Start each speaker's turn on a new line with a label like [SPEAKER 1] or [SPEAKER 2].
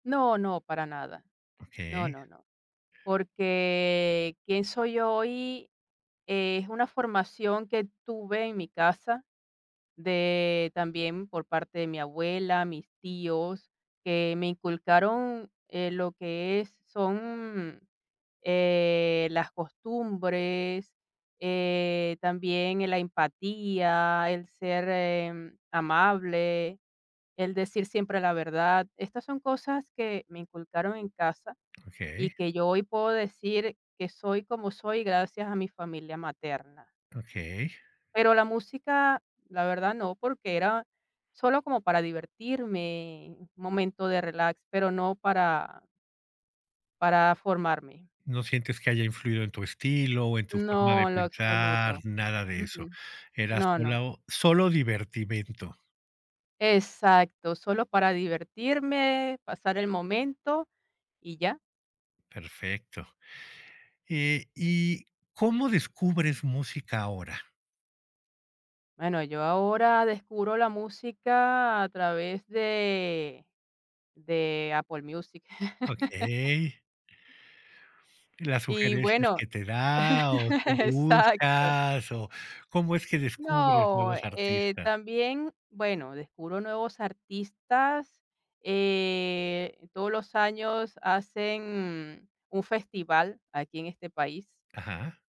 [SPEAKER 1] No, no, para nada. No,
[SPEAKER 2] Okey.
[SPEAKER 1] no, no. Porque quién soy hoy es una formación que tuve en mi casa de también por parte de mi abuela, mis tíos, que me inculcaron, eh, lo que es son, eh, las costumbres, eh, también la empatía, el ser, eh, amable, el decir siempre la verdad. Estas son cosas que me inculcaron en casa y
[SPEAKER 2] Okey.
[SPEAKER 1] que yo hoy puedo decir que soy como soy gracias a mi familia materna.
[SPEAKER 2] Okey.
[SPEAKER 1] Pero la música la verdad no, porque era solo como para divertirme, un momento de relax, pero no para para formarme.
[SPEAKER 2] ¿No sientes que haya influido en tu estilo o en tu forma
[SPEAKER 1] No,
[SPEAKER 2] de
[SPEAKER 1] en lo
[SPEAKER 2] pensar?
[SPEAKER 1] absoluto.
[SPEAKER 2] Nada de
[SPEAKER 1] Mm,
[SPEAKER 2] eso.
[SPEAKER 1] mm.
[SPEAKER 2] Era
[SPEAKER 1] No, no.
[SPEAKER 2] sola, solo divertimento.
[SPEAKER 1] Exacto, solo para divertirme, pasar el momento y ya.
[SPEAKER 2] Perfecto. Eh, y ¿cómo descubres música ahora?
[SPEAKER 1] Bueno, yo ahora descubro la música a través de de Apple Music.
[SPEAKER 2] Okey. ¿Las
[SPEAKER 1] Y
[SPEAKER 2] sugerencias
[SPEAKER 1] bueno,
[SPEAKER 2] que te da o tú
[SPEAKER 1] exacto.
[SPEAKER 2] buscas o cómo es que descubres
[SPEAKER 1] No,
[SPEAKER 2] nuevos
[SPEAKER 1] eh,
[SPEAKER 2] artistas?
[SPEAKER 1] también, bueno, descubro nuevos artistas. Eh, todos los años hacen un festival aquí en este país
[SPEAKER 2] Ajá